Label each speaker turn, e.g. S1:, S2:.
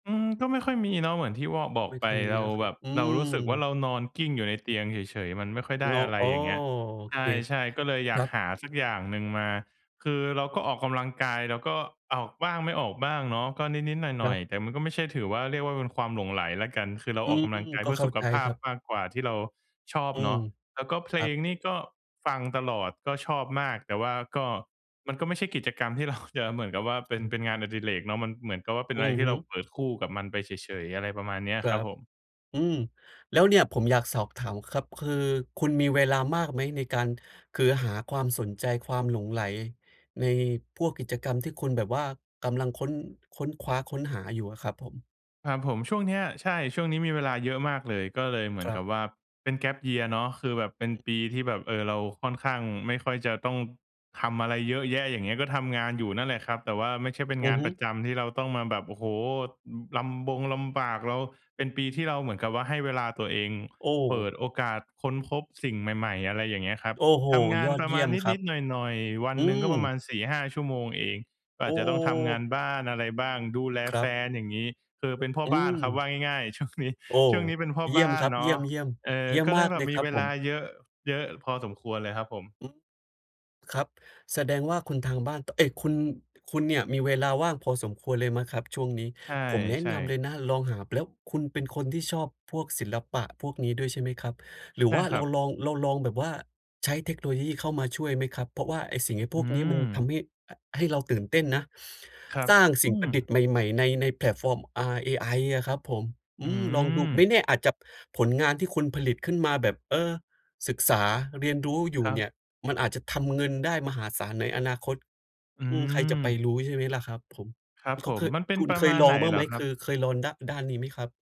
S1: อืม ก็ไม่ค่อยมีเนาะ เหมือนที่ว่อ บอก
S2: ไม่
S1: ไป
S2: ค่อยม
S1: เ
S2: ี
S1: รา
S2: เหรอค
S1: แ
S2: ร
S1: บ
S2: ับ?
S1: บ
S2: อื
S1: เรารู้สึกว่า
S2: ม
S1: เรานอนกลิ้งอยู่ในเตียงเฉย ๆ มันไม่ค่อยได
S2: ง
S1: ้อะไร
S2: อ้อ
S1: อย่างเงี้ย
S2: โอ
S1: ใ
S2: เค
S1: ช่ ๆ ก็เลยอ
S2: ค
S1: ยา
S2: รั
S1: ก
S2: บ
S1: หาสักอย่างหนึ่งมา คือเราก็ออกกำลังกาย เราก็ออกบ้างไม่ออกบ้างเนาะ ก็นิด ๆ หน
S2: คร
S1: ่อ
S2: ั
S1: ย
S2: บ
S1: ๆ แต่มันก็ไม่ใช่ถือว่า เรียกว่า เป็นความหลงใหลแล้วกัน คือเรา
S2: อื
S1: ออก
S2: ม
S1: กำลังกาย
S2: ก
S1: เพ
S2: ็
S1: ื่อ
S2: เข้
S1: ส
S2: า
S1: ุข
S2: ใจ
S1: ภา
S2: ค
S1: พ
S2: รับ
S1: มากกว่าที่เราชอบ
S2: อื
S1: เนา
S2: ม
S1: ะ แล้วก็เพ
S2: ค
S1: ล
S2: รับ
S1: งนี่ก็ฟังตลอด ก็ชอบมาก แต่ว่าก็ มันก็ไม่ใช่กิจกรรมที่ เรา จะเหมือนกับว่า เป็น เป็นงานอดิเรกเนาะ มันเหมือนกับว่า เป็น
S2: อื
S1: อะไร
S2: อ
S1: ที่
S2: ฮ
S1: เ
S2: ึ
S1: ราเปิดคู่กับมันไปเฉย ๆ อะไรประมาณเนี้ย
S2: คร
S1: ค
S2: ั
S1: รับ
S2: บ
S1: ผม
S2: อืม แล้วเนี่ยผมอยากสอบถามครับ คือคุณมีเวลามากไหม? ในการ คือหาความสนใจ ความหลงใหลในพวกกิจกรรมที่คุณแบบว่ากำลังค้น ค้นคว้า ค้นหาอยู่อะครับผม
S1: ครับผม ช่วงเนี้ย ใช่ ช่วงนี้มีเวลาเยอะมากเลย ก็เลย เหมือ
S2: ค
S1: น
S2: ร
S1: ก
S2: ั
S1: ั
S2: บ
S1: บว่า เป็น Gap Year เนาะ คือแบบเป็นปีที่แบบ เออ เราค่อนข้าง ไม่ค่อยจะต้องทำอะไรเยอะแยะ อย่างเงี้ย ก็ทำงานอยู่นั่นแหละครับ แต่ว่าไม่ใช่เป็น
S2: อ
S1: ง
S2: ื
S1: า
S2: อ
S1: น
S2: ฮ
S1: ป
S2: ึ
S1: ระจำที่เราต้องมาแบบ โอ้โฮ อือ ลำบงลำบาก เรา เป็นปีที่เราเหมือนกับว่า ให้เวลาตัวเอง
S2: โ
S1: เปิ
S2: อ้
S1: ดโอกาสค้นพบสิ่งใหม่ ๆ อะไรอย่างเงี้ยครับ
S2: โอ้โฮ
S1: ทำงา
S2: ย
S1: น
S2: อ
S1: ป
S2: ด
S1: ระ
S2: เย
S1: ม
S2: ี่
S1: า
S2: ย
S1: ณ
S2: มคร
S1: น
S2: ั
S1: ิ
S2: บ
S1: ด ๆ หน่อย ๆ วัน
S2: อื
S1: หนึ่งก็ประมา
S2: ม
S1: ณ 4-5 ชั่วโมงเอง
S2: โอ
S1: อาจจะต้องทำงาน
S2: ้
S1: บ้านอะไรบ้าง ดูแล
S2: คร
S1: แ
S2: ั
S1: ฟ
S2: บ
S1: น อย่างงี้ คือเป็นพ่อ
S2: อื
S1: บ้านครับ ว่
S2: ม
S1: าง่าย ๆ ช่วงนี้
S2: โอ้
S1: ช่วงนี้เป็นพ่อ
S2: เยี
S1: บ
S2: ่ย
S1: ้
S2: ม
S1: า
S2: ค
S1: น
S2: รับ
S1: เน
S2: เยี
S1: า
S2: ่
S1: ะ
S2: ยม ๆ เยี
S1: เออ
S2: ่ย
S1: ก
S2: ม
S1: ็เล
S2: มา
S1: ย
S2: ก
S1: แบ
S2: เล
S1: บ
S2: ย
S1: มี
S2: ครั
S1: เ
S2: บ
S1: ว
S2: ผ
S1: ลา
S2: ม
S1: เยอะ เยอะพอสมควรเลยครับผม
S2: อือ ครับ แสดงว่า คนทางบ้าน เอ๊ย คุณ คุณเนี่ยมีเวลาว่างพอสมควรเลยไหมครับช่วงนี้?
S1: ใ
S2: ผมแนะ
S1: ช่
S2: นำเล
S1: ๆ
S2: ยนะลองหา ป แล้วคุณเป็นคนที่ชอบพวกศิลปะพวกนี้ด้วย ใช่ไหมครับ? หรื
S1: ใ
S2: อ
S1: ช
S2: ว
S1: ่
S2: ่า
S1: ค
S2: เ
S1: ร
S2: ร
S1: ั
S2: า
S1: บ
S2: ลอง เราลองแบบว่าใช้เทคโนโลยีเข้ามาช่วยไหมครับ? เพราะว่าไอ้สิ่ง ไอ้พ
S1: อื
S2: วกนี้มันท
S1: ม
S2: ำให้ อะ ให้เราตื่นเต้นนะ
S1: ครับ
S2: สร้างส
S1: อ
S2: ิ
S1: ื
S2: ่งประดิ
S1: ม
S2: ษฐ์ใหม่ ๆ ใน ใน แพลตฟอร์ม อ่า เอไออะครับผม อ
S1: อื
S2: ืม ลองดู ไม่
S1: ม
S2: แน่อาจจะ ผลงานที่คุณผลิตขึ้นมาแบบ เออ ศึกษา เรียนรู้อยู
S1: ค
S2: ่
S1: รั
S2: เน
S1: บ
S2: ี่ยมันอาจจะทำเงินได้มหาศาลในอนาคต
S1: อื
S2: อืม ใครจะไป
S1: ม
S2: รู้ ใช่ไหมล่ะครับผม
S1: ครับ
S2: เ
S1: ผ
S2: ขาเ
S1: ม
S2: คย
S1: มันเป็น
S2: คุณ
S1: ประ
S2: เค
S1: ม
S2: ย
S1: าณ
S2: ล
S1: ไ
S2: อ
S1: หน
S2: งบ้า
S1: เ
S2: ง
S1: หร
S2: ไห
S1: อ
S2: ม?
S1: คร
S2: ค
S1: ับ?
S2: ือเคยลองด้า ด้านนี้ไหมครับ?